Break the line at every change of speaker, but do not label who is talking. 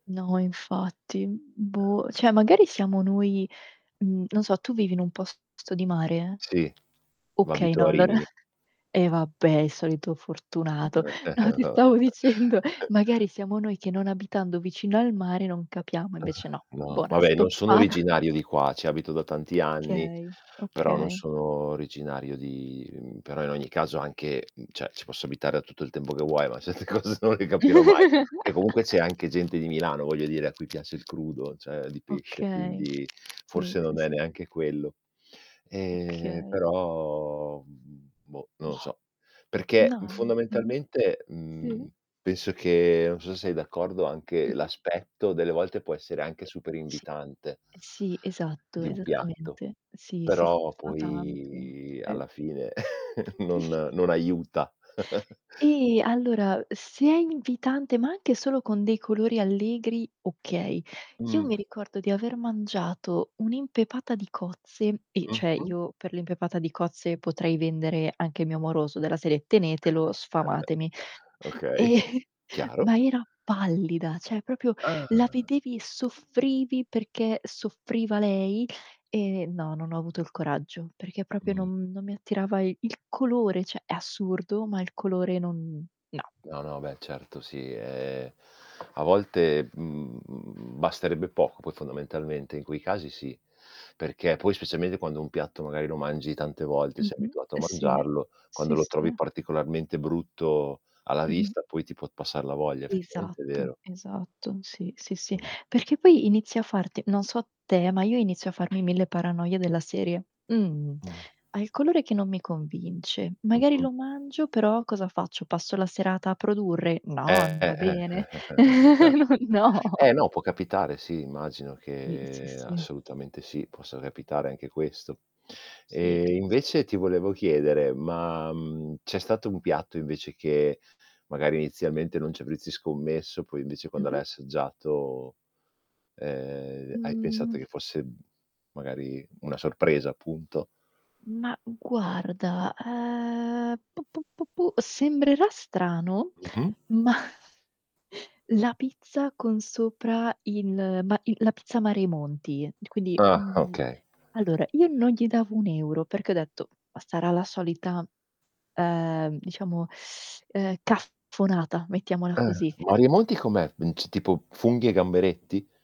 No infatti. Mhmm,
Eh.
boh, cioè magari siamo noi. Mhmm, non so tu vivi in un posto di mare?
Sì, v
Okay,
abito
no
a
allora
Rimini.
e vabbè, il solito fortunato. No, ti
Beh.
stavo dicendo, magari siamo noi che non abitando vicino al mare non capiamo, e invece no.
No,
Buona
vabbè non sono
stoppata.
originario di qua, ci abito da tanti anni,
Okay,
però non
okay.
sono originario di, mhmm però in ogni caso anche mhmm, cioè, ci posso abitare da tutto il tempo che vuoi, ma certe cose non le capirò mai. E comunque c'è anche gente di Milano, voglio dire, a cui piace il crudo, cioè di pesce,
Okay.
quindi,
Sì,
forse
sì,
non è
sì.
neanche quello. Ehm,
Okay.
però, boh, mhmm, non lo
Mah.
so. Perché,
Na
mhmm,
n mh-mh,
fondamentalmente,
sì?
mhmm, penso che, non so sei d'accordo, anche
Mh-mh.
l'aspetto, delle volte, può essere anche super
Sì.
invitante
E sì, esatto,
di un piatto;
esattamente. Sì, sì, sì,
però
fa tanto.
poi
Eh.
alla fine non non aiuta.
Ehm, allora, se è invitante, ma anche solo con dei colori allegri, okay. Io
Mh.
mi ricordo di aver mangiato un'impepata di cozze e cioè,
Mh-mh.
io per l'impepata di cozze potrei vendere anche mio amoroso, della serie: "Tenetelo, sfamatemi".
Okay,
E,
chiaro.
ma era pallida, cioè proprio, la
Ah!
vedevi, soffrivi perché soffriva lei, e no, non ho avuto il coraggio, perché proprio
Mh.
non non mi attirava i il colore. Cioè, è assurdo, ma il colore non no.
No, no, beh, certo, sì, ehm, a volte, mhmm, basterebbe poco poi fondamentalmente, in quei casi sì. Perché poi, specialmente quando un piatto magari lo mangi tante volte, sei
Mh-mh.
abituato a
Eh sì.
mangiarlo, quando
Sì,
lo trovi
sì.
particolarmente brutto alla
Mh-mh.
vista, poi ti può passar la voglia, effettivamente è
Esatto,
vero.
esatto. Sì, sì, sì.
Mh-mh.
Perché poi inizia a farte non so te, ma io inizio a farmi 1000 paranoie della serie: "Mhmm,
Mh.
ha il colore che non mi convince. Magari
Mh-mh.
lo mangio, però cosa faccio, passo la serata a produrre?
Eh,
No, non va
eh, eh, eh,
bene!"
eh, eh, eh. Certo.
Non no.
Eh, no, può capitare, sì immagino
Si, sì,
che,
sì.
assolutamente sì, possa capitare anche questo.
Sì,
E
sì, sì.
invece, ti volevo chiedere, ma, mhmm, c'è stato un piatto invece che magari inizialmente non ci avresti scommesso, poi invece quando l'hai
Mh-mh.
assaggiato, ehm, hai pensato
Mh.
che fosse, mhmm, magari una sorpresa, appunto?
Mah, guarda, ehm, pu, pu, pu, pu, sembrerà strano,
Mh-mh.
ma la pizza con sopra il ma i la pizza Mari e monti. Quindi
Ah,
mhmm,
okay.
allora, io non gli davo 1€, perché ho detto: "Ma sarà la solita", ehm, diciamo, ehm, "cafonata", mettiamola
Ah.
così.
Mari e Monti com'è? Mhmm, c tipo, funghi e gamberetti?